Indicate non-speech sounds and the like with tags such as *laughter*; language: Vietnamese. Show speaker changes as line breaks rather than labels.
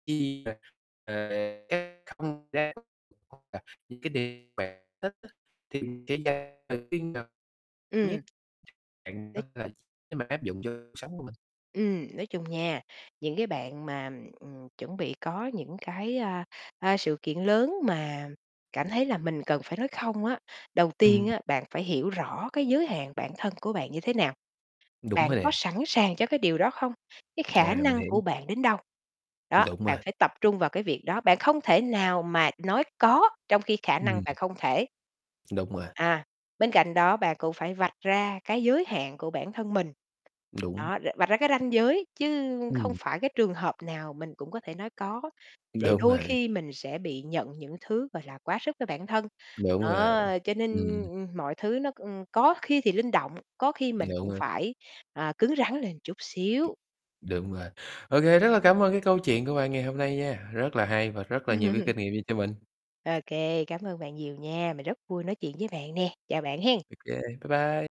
*unintelligible* Những cái điều bạn thích á, thì *unintelligible* tự tin vào. Thứ nhất
Ừm.
bạn có
*unintelligible*
thể nếu mà áp dụng cho cuộc sống của mình.
Ừm, nói chung nha, những cái bạn mà, ừm, ừm, chuẩn bị có những cái, a, a, sự kiện lớn mà cảm thấy là mình cần phải nói "không" á. Đầu tiên
Ừm.
á, bạn phải hiểu rõ cái giới hạn bản thân của bạn như thế nào?
Đúng
Bạn
rồi
có
nè.
sẵn sàng cho cái điều đó không? Cái khả
À, mình
năng của
hiểu.
bạn đến đâu? Đó,
Đúng rồi.
bạn phải tập trung vào cái việc đó, bạn không thể nào mà nói "có" trong khi khả
Ừm.
năng bạn không thể.
Đúng rồi.
À, bên cạnh đó bạn cũng phải vạch ra cái giới hạn của bản thân mình.
Đúng.
Đó, ờ, vạch ra cái ranh giới chứ không
Ừm.
phải cái trường hợp nào mình cũng có thể nói "có", để
Đúng
đôi
vậy.
khi mình sẽ bị nhận những thứ, gọi là, quá sức với bản thân.
Đúng rồi,
Đó, cho nên,
ừm.
ưm, ừm, mọi thứ nó, ưm, có khi thì linh động, có khi mình
Đúng
cũng
á.
phải, ờ, cứng rắn lên chút xíu.
Đúng vậy. Ô kê, rất là cảm ơn cái câu chuyện của bạn ngày hôm nay nha, rất là hay và rất là nhiều cái kinh
*chuckles*
nghiệm dành cho mình.
OK, cảm ơn bạn nhiều nha. Mình rất vui nói chuyện với bạn nè. Chào bạn hén.
Ô kê, bye bye.